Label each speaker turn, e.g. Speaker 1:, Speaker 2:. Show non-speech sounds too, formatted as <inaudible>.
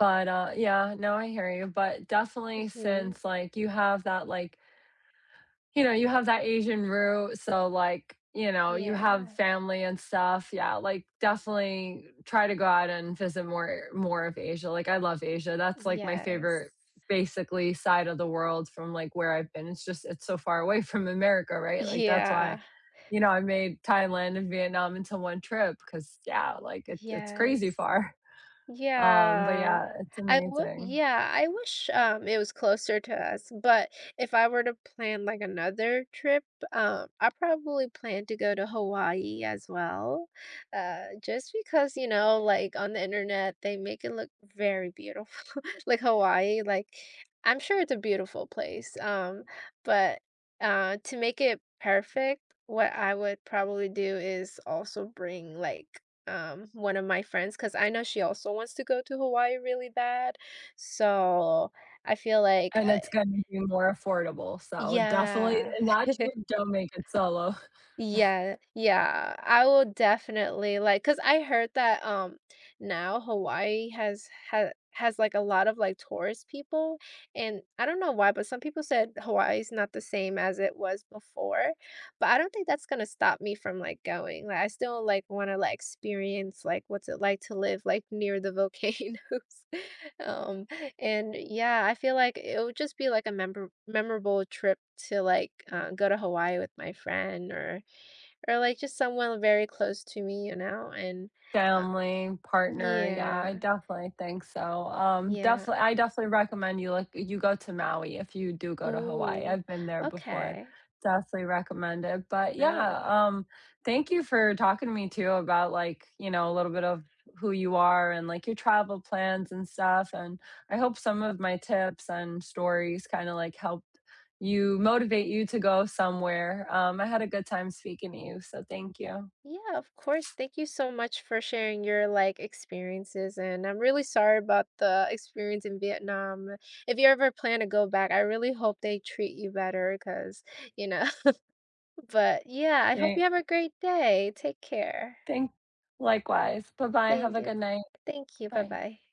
Speaker 1: But, uh yeah, no I hear you. But definitely,
Speaker 2: Mhm.
Speaker 1: since, like, you have that, like you know, you have that Asian root so, like, you know, you have
Speaker 2: Yeah.
Speaker 1: family and stuff. Yeah, like, definitely try to go out and visit more more of Asia, like, I love Asia, that's, like, my
Speaker 2: Yes.
Speaker 1: favorite, basically side of the world from, like, where I've been. It's just it's so far away from America, right? Like, that's why,
Speaker 2: Yeah.
Speaker 1: you know, I made Thailand and Vietnam into 1 trip, 'cause yeah, like, it it's crazy
Speaker 2: Yes.
Speaker 1: far. <chuckles> Um, but yeah,
Speaker 2: Yeah.
Speaker 1: it's
Speaker 2: I would
Speaker 1: amazing.
Speaker 2: yeah. I wish, um, it was closer to us, but if I were to plan, like, another trip, uh, I probably plan to go to Hawaii as well, uh, just because, you know, like, on the Internet, they make it look very beautiful. Like Hawaii, like, I'm sure it's a beautiful place, um, but, uh, to make it perfect, what I would probably do is also bring, like, um, 1 of my friends, 'cause I know she also wants to go to Hawaii really bad, so I feel like,
Speaker 1: And
Speaker 2: eh
Speaker 1: it's gonna be more affordable, so, definitely it
Speaker 2: Yeah.
Speaker 1: not sure,
Speaker 2: <chuckles>
Speaker 1: don't make it solo. <chuckles>
Speaker 2: Yeah. Yeah, I will definitely, like 'cause I heard that, um, now Hawaii has ha has, like, a lot of, like, tourist people, and I don't know why, but some people said Hawaii is not the same as it was before, but I don't think that's gonna stop me from, like, going, like, I still, like, wanna, like, experience, like, what's it like to live, like, near the volcanoes. Um, and, yeah, I feel like it would just be like a member memorable trip to, like, uh, go to Hawaii with my friend or or, like, just someone very close to me, you know, and, uh
Speaker 1: Family, partner, yeah, I
Speaker 2: Yeah.
Speaker 1: definitely think so. Um,
Speaker 2: Yeah.
Speaker 1: defini I definitely recommend you like, you go to Maui if you do go to Hawaii.
Speaker 2: Ooh,
Speaker 1: I've been there before.
Speaker 2: okay.
Speaker 1: Definitely recommend it. But yeah,
Speaker 2: Maui.
Speaker 1: um, thank you for talking to me, too, about, like, you know, little bit of who you are and, like, your travel plans and stuff, and I hope some of my tips and stories kinda, like, helped you motivate you to go somewhere. Um, I had a good time speaking to you, so, thank you.
Speaker 2: Yeah, of course, thank you so much for sharing your, like, experiences, and I'm really sorry about the experience in Vietnam. If you ever plan to go back, I really hope they treat you better 'cause, you know but, yeah. I hope
Speaker 1: An
Speaker 2: you have a great day, take care.
Speaker 1: Than likewise. Bye-bye, have
Speaker 2: Thank
Speaker 1: a
Speaker 2: you, b
Speaker 1: good night.
Speaker 2: thank you,
Speaker 1: Bye.
Speaker 2: bye-bye.